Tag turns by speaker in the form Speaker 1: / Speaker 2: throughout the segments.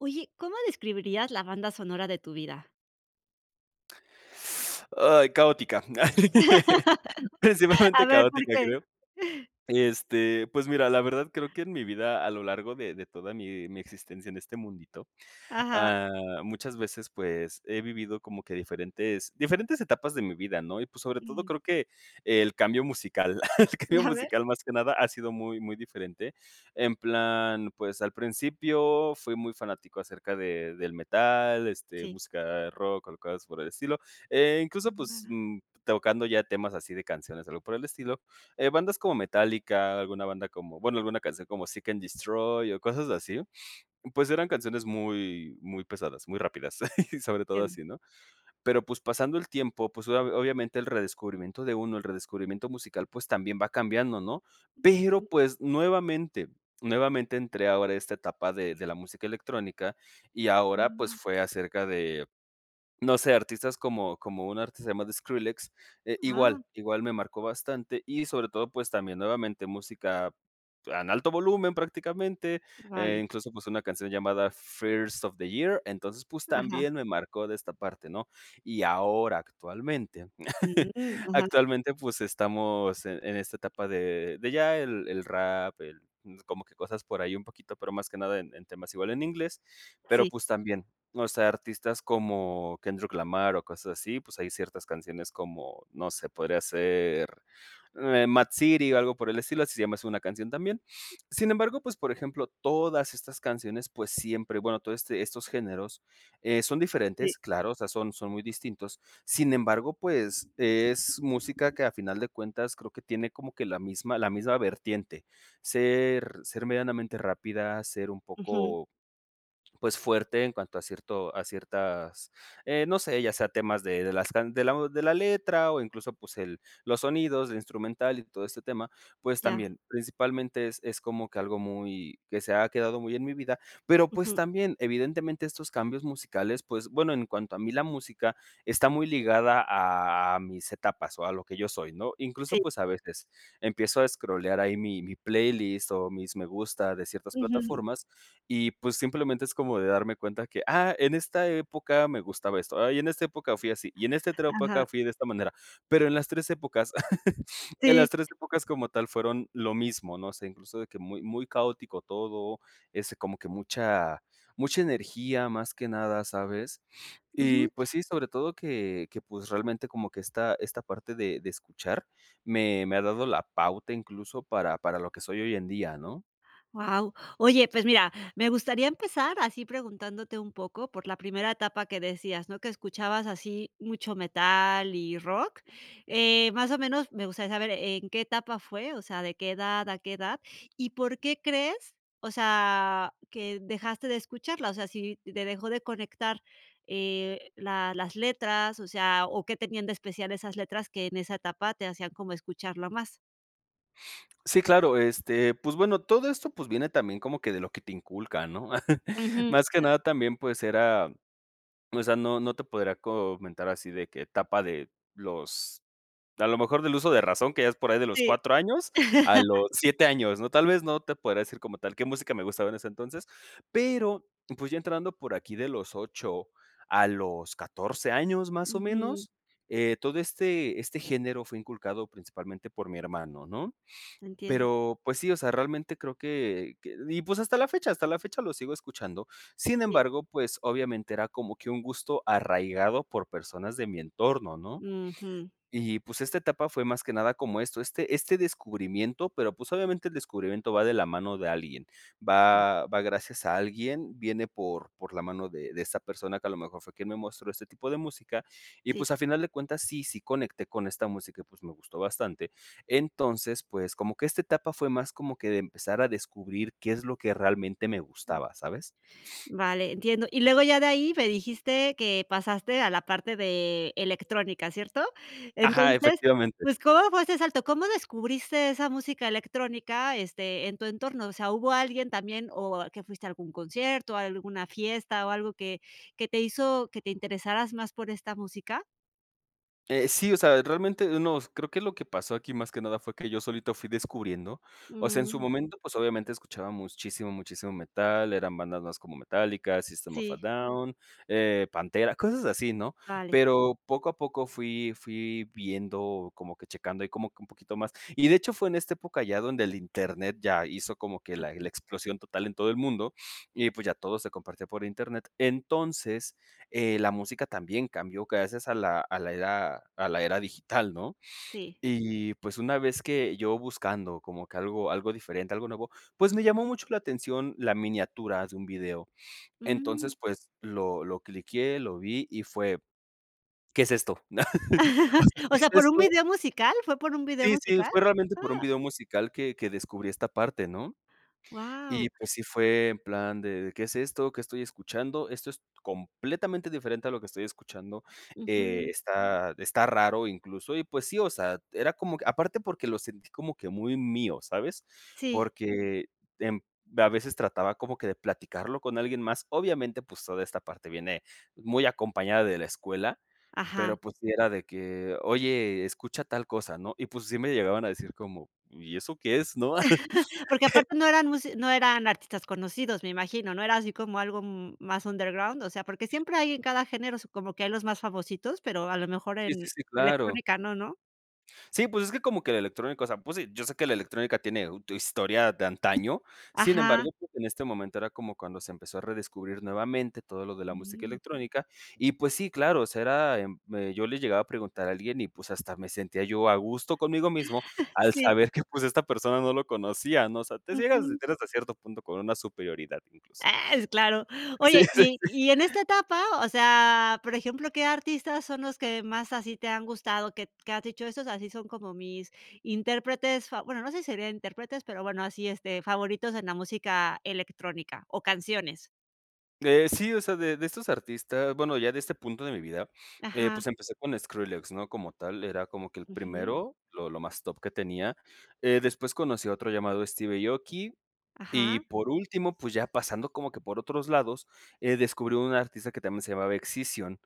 Speaker 1: Oye, ¿cómo describirías la banda sonora de tu vida?
Speaker 2: Ay, caótica. Principalmente
Speaker 1: A ver, ¿por
Speaker 2: caótica,
Speaker 1: qué?
Speaker 2: creo. Este, pues mira, la verdad creo que en mi vida a lo largo de de toda mi mi existencia en este mundito,
Speaker 1: Ajá.
Speaker 2: ah, muchas veces, pues, he vivido como que diferentes diferentes etapas de mi vida, ¿no? Y, pues, sobre todo,
Speaker 1: Mm.
Speaker 2: creo que el cambio musical, el cambio
Speaker 1: A ver.
Speaker 2: musical más que nada ha sido muy muy diferente. En plan, pues al principio fui muy fanático acerca de del metal, este,
Speaker 1: Sí.
Speaker 2: música rock o cosas por el estilo e incluso, pues
Speaker 1: [unintelligible]
Speaker 2: mm, tocando ya temas así de canciones, o algo por el estilo, eh, bandas como Metallica, alguna banda como bueno, alguna canción como Seek and Destroy o cosas así, pues eran canciones muy, muy pesadas, muy rápidas, sobre todo
Speaker 1: Entiendo.
Speaker 2: así, ¿no? Pero, pues, pasando el tiempo, pues, obvia obviamente el redescubrimiento de uno, el redescubrimiento musical, pues, también va cambiando, ¿no? Pero,
Speaker 1: Ujú.
Speaker 2: pues, nuevamente, nuevamente entré ahora a esta etapa de de la música electrónica y ahora, pues,
Speaker 1: Mm.
Speaker 2: fue acerca de, no sé artistas como como un artista se llama The Skrillex. Eh,
Speaker 1: Ah.
Speaker 2: igual, igual me marcó bastante y sobre todo pues también nuevamente música, ah, en alto volumen prácticamente e
Speaker 1: Vale.
Speaker 2: incluso pues una canción llamada First Of The Year. Entonces pues
Speaker 1: Ajá.
Speaker 2: también me marcó de esta parte ¿no? Y ahora, actualmente,
Speaker 1: Mm, ajá.
Speaker 2: actualmente, pues estamos en en esta etapa de, de ya el el rap, el mm, como que cosas por ahí un poquito, pero más que nada en en temas igual en inglés, pero,
Speaker 1: Sí.
Speaker 2: pues también, o sea, artistas como Kendrick Lamar o cosas así, pues hay ciertas canciones como, no sé, podría ser M.A.A.D. City o algo por el estilo, así se llama así una canción también. Sin embargo, pues por ejemplo, todas estas canciones, pues siempre, bueno, todo este estos géneros eh, son
Speaker 1: Sí.
Speaker 2: diferentes, claro, o sea, son son muy distintos. Sin embargo, pues es música que a final de cuentas creo que tiene como que la misma la misma vertiente. Ser, ser medianamente rápida, ser un
Speaker 1: Ujú.
Speaker 2: poco, pues fuerte en cuanto a cierto a ciertas eh, no sé, ya sea temas de de las can de la de la letra o incluso pues el los sonidos de instrumental y todo este tema, pues
Speaker 1: Ya.
Speaker 2: también, principalmente es es como que algo muy, que se ha quedado muy en mi vida, pero pues
Speaker 1: Ujú.
Speaker 2: también evidentemente estos cambios musicales pues bueno, en cuanto a mí la música está muy ligada a mis etapas o a lo que yo soy ¿no? Incluso
Speaker 1: Sí.
Speaker 2: pues a veces, empiezo a escrolear ahí mi mi playlist o mis me gusta de ciertas
Speaker 1: Ujú.
Speaker 2: plataformas y, pues, simplemente es como de darme cuenta que: "Ah, en esta época me gustaba esto, ah y en esta época fui así y en esta otra
Speaker 1: Ajá.
Speaker 2: época fui de esta manera". Pero en las 3 épocas en
Speaker 1: Sí.
Speaker 2: las 3 épocas como tal fueron lo mismo, ¿no? O sea, incluso de que muy muy caótico todo, ese como que mucha, mucha energía más que nada, ¿sabes?
Speaker 1: Ujú.
Speaker 2: Y pues sí, sobre todo que, que pues realmente como que esta esta parte de de escuchar me me ha dado la pauta incluso para para lo que soy hoy en día, ¿no?
Speaker 1: Wao. Oye, pues mira, me gustaría empezar así preguntándote un poco por la primera etapa que decías, ¿no? Que escuchabas así mucho metal y rock. Eh, más o menos me gustaría saber, ¿en qué etapa fue? O sea, ¿de qué edad a qué edad? ¿Y por qué crees, o sea, que dejaste de escucharla? O sea, si te dejó de conectar eh, la las letras, o sea, ¿o qué tenían de especial esas letras que en esa etapa te hacían como escucharla más?
Speaker 2: Sí, claro, este, pues bueno, todo esto, pues viene también como que de lo que te inculcan, ¿no?
Speaker 1: Ujú.
Speaker 2: Más que
Speaker 1: Ah.
Speaker 2: nada también, pues era, o sea, no no te podría comentar así de que etapa de, los a lo mejor del uso de razón que ya es por ahí de los
Speaker 1: Sí.
Speaker 2: 4 años a los 7 años, ¿no? Tal vez no te podría decir como tal qué música me gustaba en ese entonces, pero, pues, ya entrando por aquí de los 8 a los 14 años, más o
Speaker 1: Ujú.
Speaker 2: menos eh, todo este este género fue inculcado principalmente por mi hermano, ¿no?
Speaker 1: Entiendo.
Speaker 2: Pero pues sí, o sea, realmente creo que que y pues hasta la fecha hasta la fecha lo sigo escuchando. Sin
Speaker 1: Sí.
Speaker 2: embargo, pues obviamente era como que un gusto arraigado por personas de mi entorno, ¿no?
Speaker 1: Ujú.
Speaker 2: Y pues esta etapa fue más que nada como esto, este este descubrimiento, pero pues obviamente el descubrimiento va de la mano de alguien. Va, va gracias a alguien, viene por por la mano de de esa persona que a lo mejor fue quien me mostró este tipo de música, y
Speaker 1: Sí.
Speaker 2: pues a final de cuentas sí sí conecté con esta música y pues me gustó bastante, entonces pues como que esta etapa fue más como que de empezar a descubrir qué es lo que realmente me
Speaker 1: Ujú.
Speaker 2: gustaba, ¿sabes?
Speaker 1: Vale, entiendo. Y luego ya de ahí me dijiste que pasaste a la parte de, electrónica, ¿cierto?
Speaker 2: Ajá,
Speaker 1: Entonces,
Speaker 2: efectivamente.
Speaker 1: pues, ¿cómo fue ese salto? ¿Cómo descubriste esa música electrónica, este, en tu entorno? O sea, ¿hubo alguien también o que fuiste a algún concierto, o a alguna fiesta, o algo que que te hizo que te interesaras más por esta música?
Speaker 2: Eh, sí, o sea, realmente, unos creo que lo que pasó aquí más que nada fue que yo solito fui descubriendo O sea, en su
Speaker 1: Mm.
Speaker 2: momento, pues, obviamente, escuchaba muchísimo muchísimo metal, eran bandas más como Metallica, System of a
Speaker 1: Sí.
Speaker 2: Down, eh, Pantera, cosas así, ¿no?,
Speaker 1: Vale.
Speaker 2: pero poco a poco fui fui viendo, como que checando ahí como que un poquito más y de hecho fue en este época ya donde el Internet ya hizo como que la
Speaker 1: Ujú.
Speaker 2: la explosión total en todo el mundo, y pues, ya todo se compartía por Internet. Entonces, eh, la música también cambió gracias a la a la era a la era digital, ¿no?,
Speaker 1: Sí.
Speaker 2: y pues ,una vez que yo buscando como que algo algo diferente algo nuevo, pues, me llamó mucho la atención la miniatura de un video.
Speaker 1: Mm.
Speaker 2: Entonces, pues, lo lo cliqueé, lo vi y fue: "¿Qué es esto?" o sea, ¿qué
Speaker 1: O
Speaker 2: es
Speaker 1: sea, ¿por un
Speaker 2: esto?
Speaker 1: video musical? ¿Fue por un video
Speaker 2: Sí, sí,
Speaker 1: musical?
Speaker 2: fue realmente por un
Speaker 1: Ah.
Speaker 2: video musical que que descubrí esta parte, ¿no?
Speaker 1: Guau.
Speaker 2: Y pues sí fue en plan de: "¿Qué es esto?, ¿qué estoy escuchando?, esto es completamente diferente a lo que estoy escuchando, eh,
Speaker 1: Ujú.
Speaker 2: está está raro incluso", y pues sí, o sea, era como aparte porque lo sentí como que muy mío, ¿sabes?,
Speaker 1: Sí.
Speaker 2: porque en a veces trataba como que de platicarlo con alguien más, obviamente, pues, toda esta parte viene muy acompañada de la escuela,
Speaker 1: Ajá.
Speaker 2: pero, pues, sí era de que: "Oye, escucha tal cosa", ¿no? Y, pues, sí me llegaban a decir como: "¿Y eso qué es?", ¿no?
Speaker 1: Porque aparte no eran mus no eran artistas conocidos, me imagino, ¿no?, era así como algo, mm, más under ground. O sea, porque siempre hay en cada género como que hay los más famositos, pero a lo mejor
Speaker 2: Sí, sí,
Speaker 1: en
Speaker 2: sí, claro.
Speaker 1: electrónica no, ¿no?
Speaker 2: Sí, pues, es que como que la electrónica, o sea, pues si, yo sé que la electrónica tiene u historia de antaño. Sin
Speaker 1: Ajá.
Speaker 2: embargo, pues, en este momento era como cuando se empezó a redescubrir nuevamente todo lo de la música
Speaker 1: Mm.
Speaker 2: electrónica, y pues sí, claro, o sea era eh, yo le llegaba a preguntar a alguien, y pues, hasta me sentía yo a gusto conmigo mismo al
Speaker 1: Sí.
Speaker 2: saber que, pues, esta persona no lo conocía, ¿no? O sea, te ciegas
Speaker 1: Ujú.
Speaker 2: hasta cierto punto por una superioridad incluso.
Speaker 1: ¡Ah! Es claro.
Speaker 2: Sí
Speaker 1: Oye, y
Speaker 2: [unintelligible]
Speaker 1: y en esta etapa, o sea, por ejemplo, ¿qué artistas son los que más así te han gustado? Que que has dicho esos así son como mis intérpretes fav bueno, no sé si serían intérpretes, pero bueno, así, este, favoritos en la música electrónica, o canciones.
Speaker 2: Eh, sí, o sea, de de estos artistas, bueno, ya de este punto de mi vida, eh,
Speaker 1: Ajá.
Speaker 2: pues empecé con Skrillex, ¿no? Como tal, era como que el
Speaker 1: Ujú.
Speaker 2: primero, lo lo más top que tenía. Eh, después conocí a otro llamado Steve Aoki, y
Speaker 1: Ajá.
Speaker 2: por último, pues ya pasando como que por otros lados, eh, descubrí un artista que también se llamaba Excision,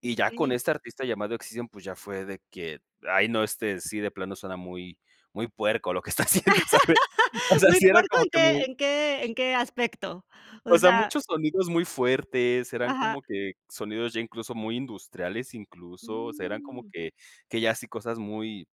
Speaker 2: y ya con
Speaker 1: Okey.
Speaker 2: este artista llamado Excision, pues ya fue de que: "Ay, no, este, sí de plano suena muy muy puerco lo que está haciendo", ¿sabes? O sea,
Speaker 1: ¿Muy
Speaker 2: sí era
Speaker 1: puerco
Speaker 2: como
Speaker 1: en
Speaker 2: que
Speaker 1: qué
Speaker 2: muy
Speaker 1: en qué en qué aspecto? O
Speaker 2: o sea,
Speaker 1: sea
Speaker 2: muchos sonidos muy fuertes, eran
Speaker 1: Ajá.
Speaker 2: como que sonidos ya incluso muy industriales, incluso, o sea, eran como
Speaker 1: Mm.
Speaker 2: que que ya sí cosas muy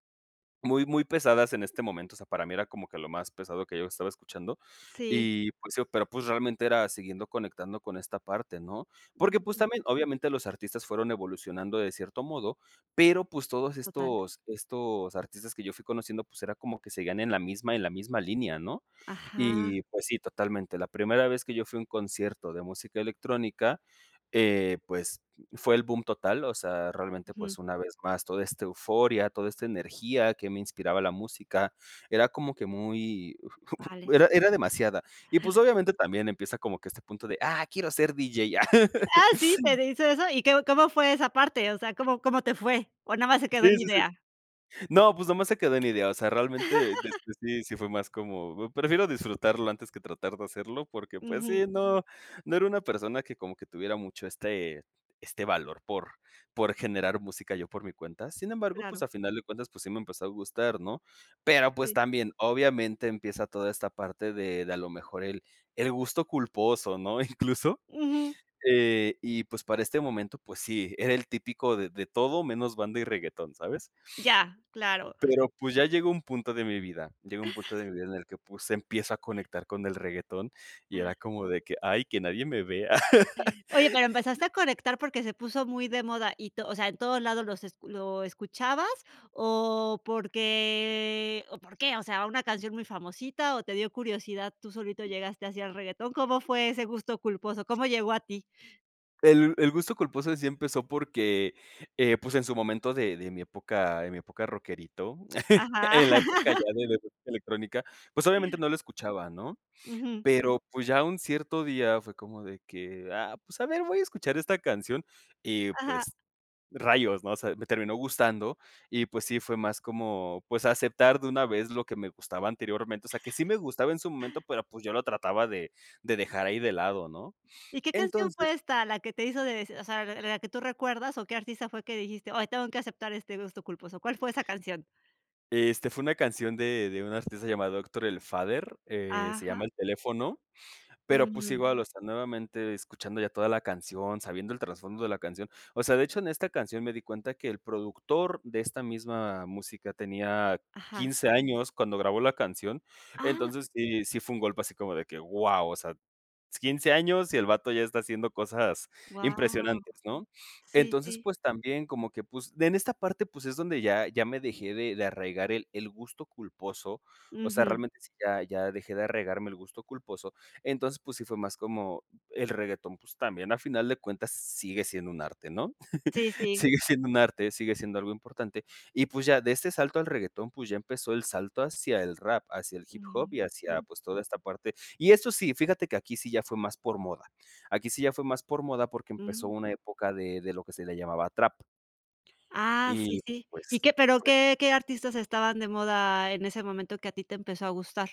Speaker 2: muy, muy pesadas en este momento, o sea, para mí era como que lo más pesado que yo estaba escuchando.
Speaker 1: Sí.
Speaker 2: Y, pues sí, pero, pues, realmente era siguiendo conectando con esta parte, ¿no? Porque, pues
Speaker 1: Mm.
Speaker 2: también, obviamente, los artistas fueron evolucionando de cierto modo, pero, pues todos
Speaker 1: Total.
Speaker 2: estos estos artistas que yo fui conociendo, pues era como que seguían en la misma en la misma línea, ¿no?
Speaker 1: Ajá.
Speaker 2: Y, pues sí, totalmente. La primera vez que yo fui a un concierto de música electrónica, eh, pues, fue el bum total, o sea, realmente,
Speaker 1: Ujú.
Speaker 2: pues, una vez más, toda esta euforia, toda esta energía que me inspiraba la música, era como que muy fu fu
Speaker 1: Vale.
Speaker 2: era era demasiada. Y, pues, obviamente también empieza como que este punto de: "Ah, quiero ser DJ". ¡Ah!
Speaker 1: ¿Ah sí? ¿Querías eso? ¿Y qué, cómo fue esa parte? O sea, ¿cómo cómo te fue? ¿O nada más se quedó
Speaker 2: Sí,
Speaker 1: en
Speaker 2: sí, sí.
Speaker 1: idea?
Speaker 2: No, pues nada más se quedó en idea, o sea, realmente, este, sí, sí fue más como: "Prefiero disfrutarlo antes que tratar de hacerlo". Porque, pues
Speaker 1: Ujú.
Speaker 2: sí, no no era una persona que como que tuviera mucho este este valor por por generar música yo por mi cuenta. Sin embargo, pues
Speaker 1: Claro.
Speaker 2: a final de cuentas pues sí me empezó a gustar, ¿no? Pero, pues,
Speaker 1: Sí.
Speaker 2: también, obviamente, empieza toda esta parte de de a lo mejor el el gusto culposo, ¿no?, incluso,
Speaker 1: Ujú.
Speaker 2: eh, y, pues, para este momento, pues sí, era el típico de: "De todo, menos banda y reguetón", ¿sabes?
Speaker 1: Ya, claro.
Speaker 2: Pero, pues, ya llegó un punto de mi vida llegó un punto de mi vida en el que, pues, empiezo a conectar con el reguetón y era como de que: "Ay, que nadie me vea".
Speaker 1: Oye, pero, ¿empezaste a conectar porque se puso muy de moda y to o sea, en todos lados los escu lo escuchabas? ¿O porque o por qué, o sea, una canción muy famosita o te dio curiosidad, tú solito llegaste así al reguetón? ¿Cómo fue ese gusto culposo, cómo llegó a ti?
Speaker 2: El el gusto culposo, en sí, empezó, porque, eh, pues, en su momento de de mi época en mi época de rockerito
Speaker 1: Ajá.
Speaker 2: en la época ya de la elect electrónica, pues, obviamente no lo escuchaba, ¿no?
Speaker 1: Ujú.
Speaker 2: Pero, pues, ya un cierto día fue como de que, ah, pues, a ver, voy a escuchar esta canción y,
Speaker 1: Ajá.
Speaker 2: pues, rayos ¿no? O sea, me terminó gustando y, pues, sí, fue más como, pues, aceptar de una vez lo que me gustaba anteriormente. O sea, que sí me gustaba en su momento pero, pues, yo lo trataba de de dejar ahí de lado, ¿no?
Speaker 1: ¿Y qué canción
Speaker 2: Entonces
Speaker 1: fue esta, la que te hizo deci o sea, la la que tú recuerdas o qué artista fue que dijiste: "Oye tengo que aceptar este gusto culposo"? ¿Cuál fue esa canción?
Speaker 2: Este, fue una canción de de una artista llamada Héctor El Father, eh, se
Speaker 1: Ajá.
Speaker 2: llama El teléfono, pero, pues,
Speaker 1: Ujú.
Speaker 2: igual, o sea, nuevamente, escuchando ya toda la canción, sabiendo el trasfondo de la canción. O sea, de hecho, en esta canción me di cuenta que el productor de esta misma música tenía
Speaker 1: Ajá.
Speaker 2: 15 años cuando grabó la canción.
Speaker 1: Ah.
Speaker 2: Entonces, sí, si fue un golpe así como de que, guau, o sea, 15 años y el bato ya está haciendo cosas
Speaker 1: Guau.
Speaker 2: impresionantes ¿no?
Speaker 1: Sí,
Speaker 2: Entonces,
Speaker 1: sí.
Speaker 2: pues, también como que, pues, en esta parte, pues, es donde ya ya me dejé de de arraigar el el gusto culposo, o sea,
Speaker 1: Ujú.
Speaker 2: realmente, sí ya ya dejé de arraigarme el gusto culposo. Entonces, pues, sí fue más como el reguetón, pues, también, a final de cuentas, sigue siendo un arte, ¿no?,
Speaker 1: Sí, sí.
Speaker 2: sigue siendo un arte, sigue siendo algo importante. Y, pues, ya de este salto al reguetón, pues, ya empezó el salto hacia el rap, hacia el hip hop y hacia,
Speaker 1: Ujú.
Speaker 2: pues, toda esta parte. Y esto sí, fíjate que aquí sí ya fue más por moda, aquí sí ya fue más por moda, porque empezó
Speaker 1: Ujú.
Speaker 2: una época de de lo que se le llamaba trap.
Speaker 1: Ah, sí,
Speaker 2: Y,
Speaker 1: sí.
Speaker 2: pues,
Speaker 1: ¿Y qué pero
Speaker 2: fue
Speaker 1: qué qué artistas estaban de moda en ese momento que a ti te empezó a gustar?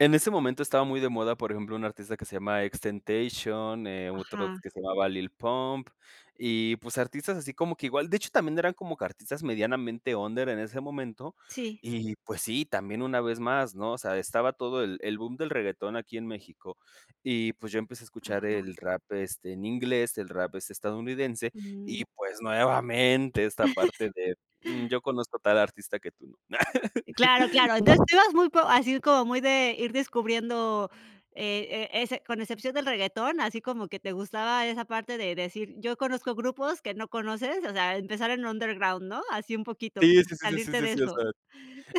Speaker 2: En ese momento estaba muy de moda, por ejemplo, un artista que se llama XXXTentation, otro
Speaker 1: Ajá.
Speaker 2: que se llamaba Lil Pump y, pues, artistas así como que igual de hecho, también eran como que artistas medianamente under en ese momento.
Speaker 1: Sí.
Speaker 2: Y, pues, sí, también una vez más, ¿no?, o sea estaba todo el el boom del reguetón aquí en México y pues yo empecé a escuchar
Speaker 1: Ajá.
Speaker 2: el rap, este, en inglés el rap es estadounidense y,
Speaker 1: Mm.
Speaker 2: pues, nuevamente, esta parte de, mm, yo conozco tal artista que tú no.
Speaker 1: Claro, claro. Entonces tú ibas muy co así como muy de ir descubriendo, eh eh, ese con excepción del reguetón, así como que te gustaba esa parte de decir: "Yo conozco grupos que no conoces". O sea empezar en underground, ¿no?, así un poquito
Speaker 2: Sí,
Speaker 1: como
Speaker 2: sí, sí, sí,
Speaker 1: salirte
Speaker 2: sí,
Speaker 1: de
Speaker 2: sí, o sea,
Speaker 1: eso.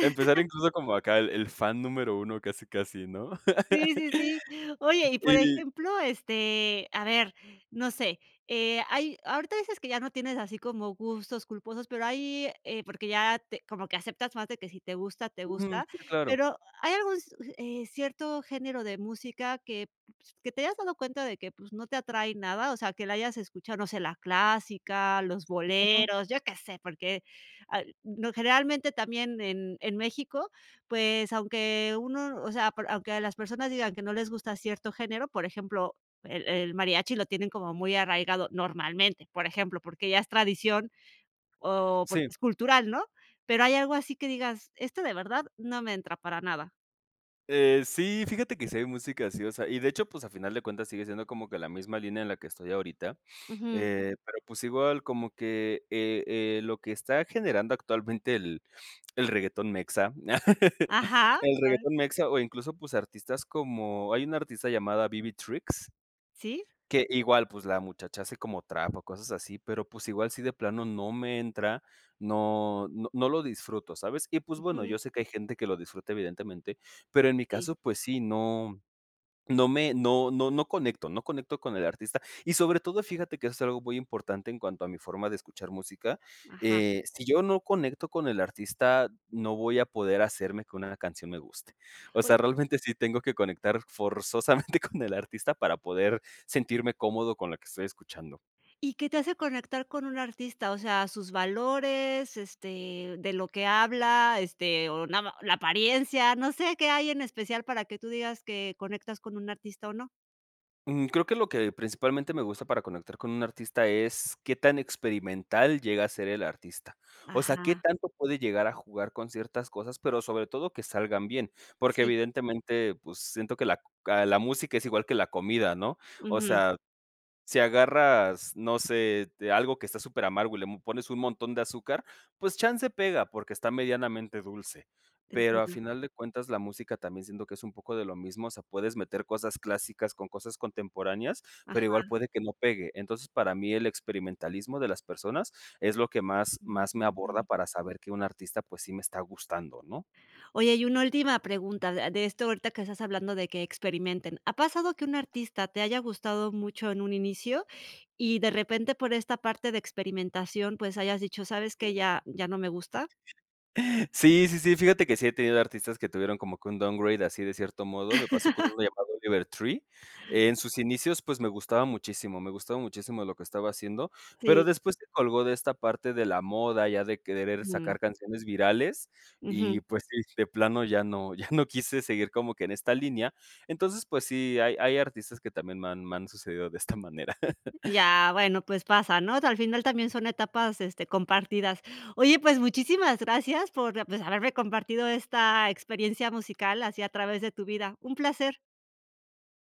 Speaker 2: empezar, incluso, como acá el el fan número 1 casi, casi ¿no?
Speaker 1: Sí, sí, sí. Oye, y, por
Speaker 2: Y
Speaker 1: ejemplo, este, a ver, no sé, eh, hay ahorita dices que ya no tienes así como gustos culposos, pero hay eh, porque ya te como que aceptas más de que si te gusta, te
Speaker 2: Ujú,
Speaker 1: gusta,
Speaker 2: sí, claro.
Speaker 1: pero ¿hay algún s uh, eh, cierto género de música que, pues, que te hayas dado cuenta de que, pues, no te atrae nada? O sea, que la hayas escuchado, no sé, la clásica, los boleros, ¿yo qué sé?, porque, ah, n generalmente, también en en México, pues, aunque uno, o sea, por aunque las personas digan que no les gusta cierto género, por ejemplo, el el mariachi lo tienen como muy arraigado, normalmente, por ejemplo, porque ya es tradición, o porque
Speaker 2: Sí.
Speaker 1: es cultural, ¿no? Pero, ¿hay algo así que digas: "Este de verdad no me entra para nada"?
Speaker 2: Eh, sí, fíjate que si hay música así, o sea, y de hecho, pues, a final de cuentas sigue siendo como que la misma línea en la que estoy ahorita,
Speaker 1: Ujú.
Speaker 2: eh, pero pues, igual como que, eh, eh, lo que está generando actualmente el el reguetón mexa
Speaker 1: Ajá.
Speaker 2: el
Speaker 1: [unintelligible]
Speaker 2: reguetón mexa o incluso pues, artistas como, hay una artista llamada BB Tricks
Speaker 1: Sí.
Speaker 2: que igual pues, la muchacha hace como trap o cosas así, pero, pues igual sí de plano no me entra, no no no lo disfruto, ¿sabes?, y pues, bueno,
Speaker 1: Ujú.
Speaker 2: yo sé que hay gente que lo disfruta evidentemente, pero en mi
Speaker 1: Sí.
Speaker 2: caso, pues sí, no no me no no no conecto no conecto con el artista, y sobre todo fíjate que eso es algo muy importante en cuanto a mi forma de escuchar música.
Speaker 1: Ajá.
Speaker 2: Eh, si yo no conecto con el artista, no voy a poder hacer que una canción me guste. O
Speaker 1: Oy
Speaker 2: sea, realmente sí tengo que conectar forzosamente con el artista para poder sentirme cómodo con lo que estoy escuchando.
Speaker 1: ¿Y qué te hace conectar con un artista?, o sea, sus valores, este, de lo que habla, este, o nada má la apariencia, no sé qué hay en especial para que tú digas que conectas con un artista o no.
Speaker 2: Mm. Creo que lo que principalmente me gusta para conectar con un artista es qué tan experimental llega a ser el artista. O sea, qué
Speaker 1: Ajá.
Speaker 2: tanto puede llegar a jugar con ciertas cosas, pero sobre todo que salgan bien. Porque
Speaker 1: Sí.
Speaker 2: evidentemente, pues, siento que la ca la música es igual que la comida, ¿no?, o
Speaker 1: Ujú.
Speaker 2: sea, si agarras, no sé, de algo que está superamargo y l le pones un montón de azúcar, pues chance pega, porque está medianamente dulce. Pero, a
Speaker 1: Entiendo.
Speaker 2: final de cuentas, la música también, siento que es un poco de lo mismo, o sea, puedes meter cosas clásicas con cosas contemporáneas, pero igual
Speaker 1: Ajá
Speaker 2: puede que no pegue. Entonces, para mí el experimentalismo de las personas es lo que más más me aborda
Speaker 1: [unintelligible]
Speaker 2: para saber que un artista pues, sí me está gustando, ¿no?
Speaker 1: Oye, y una última pregunta a de esto ahorita que estás hablando de que experimenten, ¿ha pasado que un artista te haya gustado mucho en un inicio y de repente por esta parte de experimentación, pues hayas dicho, sabes qué, ya ya no me gusta?
Speaker 2: Sí, sí, sí, fíjate que sí he tenido artistas que tuvieron como que un downgrade así de cierto modo, me pasó con uno llamado Oliver Tree. En sus inicios, pues, me gustaba muchísimo me gustaba muchísimo lo que estaba haciendo, pero
Speaker 1: Sí.
Speaker 2: después se colgó de esta parte de la moda, ya de querer
Speaker 1: Mm.
Speaker 2: sacar canciones virales,
Speaker 1: Ujú.
Speaker 2: y pues sí, de plano ya no ya no quise seguir como que en esta línea. Entonces, pues sí, hay hay artistas que también me han me han sucedido de esta manera.
Speaker 1: Ya, bueno, pues pasa, ¿no?, o sea, al final también son etapas, este, compartidas. Oye, pues muchísimas gracias por, pues, haberme compartido esta experiencia musical así a través de tu vida. Un placer.